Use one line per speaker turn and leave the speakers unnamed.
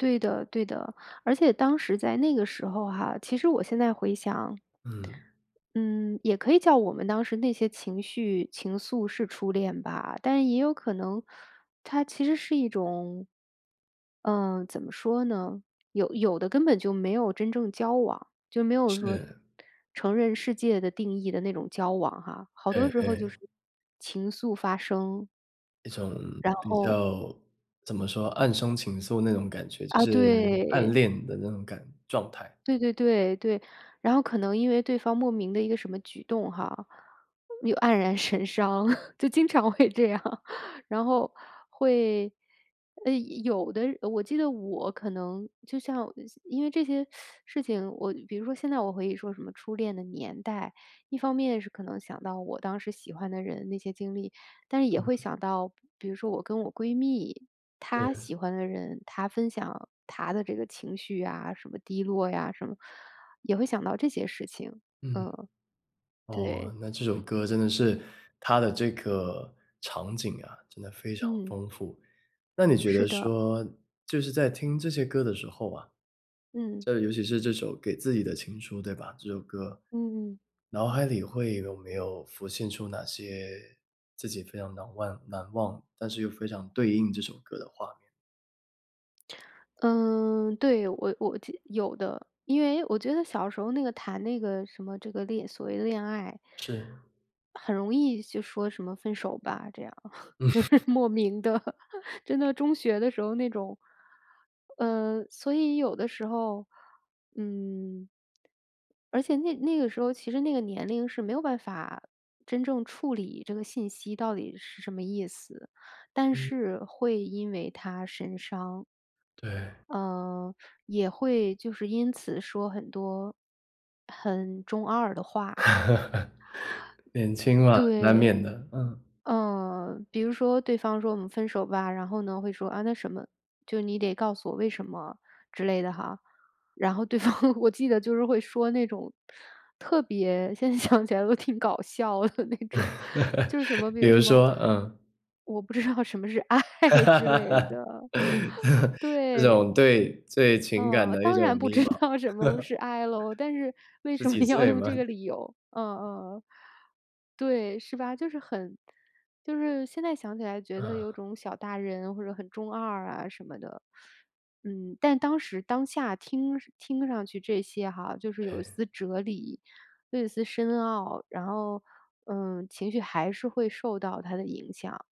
对的对的，而且当时在那个时候哈，其实我现在回想
嗯。
嗯，也可以叫我们当时那些情绪情愫是初恋吧，但也有可能它其实是一种嗯，怎么说呢，有有的根本就没有真正交往，就没有说
是。
承认世界的定义的那种交往哈，好多
哎
时候
哎。
就是情愫发生。
一种
然
比
后
较怎么说，暗生情愫那种感觉，就
啊，
是暗
对。
恋的那种感状态。
对对对，对。然后可能因为对方莫名的一个什么举动哈，又黯然神伤，就经常会这样。然后会呃，有的我记得我可能就像因为这些事情我比如说现在我可以说什么初恋的年代，一方面是可能想到我当时喜欢的人那些经历，但是也会
嗯。
想到，比如说我跟我闺蜜，她
是。
喜欢的人，她分享她的这个情绪呀，什么低落呀，什么，也会想到这些事情，
嗯。
嗯。对。
哦，那这首歌真的是它的这个场景啊，真的非常
嗯。
丰富。那你觉
是
得
的。
说，就是在听这些歌的时候啊，
嗯。
这尤其是这首《给自己的情书》，对吧？这首歌，
嗯。
脑海里会有没有浮现出哪些自己非常难万难忘，但是又非常对应这首歌的画面？
嗯，对我我就有的。因为我觉得小时候那个谈那个什么这个恋所谓的恋爱……
是。
很容易就说什么分手吧，这样。就是
嗯。
莫名地真的中学的时候那种呃，所以有的时候，嗯而且那那个时候，其实那个年龄是没有办法真正处理这个信息到底是什么意思，但
嗯。
是会因为它神伤。
对。
呃，也会就是因此说很多很中二的话。
年轻嘛，难
对。
免的。嗯。
嗯，比如说对方说我们分手吧，然后呢，会说，啊，那什么，就是你得告诉我为什么之类的哈。然后对方我记得就是会说那种，特别现在想起来都挺搞笑的那种，就是什么，比
比
如
如
什么
说？嗯。
我不知道什么是爱之类 的，
这
对。
种对对情感
呃，
的一
当然
种
不
迷
知
茫。
道什么 是爱咯，但是为
十
什么
几
要
岁
用这
吗？
个理由？呃呃呃，对，是吧？就是很就是现在想起来觉得有
嗯。
种小大人或者很中二啊什么的，嗯，但当时当下听听上去这些哈，就是有一
哎。
丝哲理，又有一丝深奥。然后，呃，情绪还是会受到它的影响。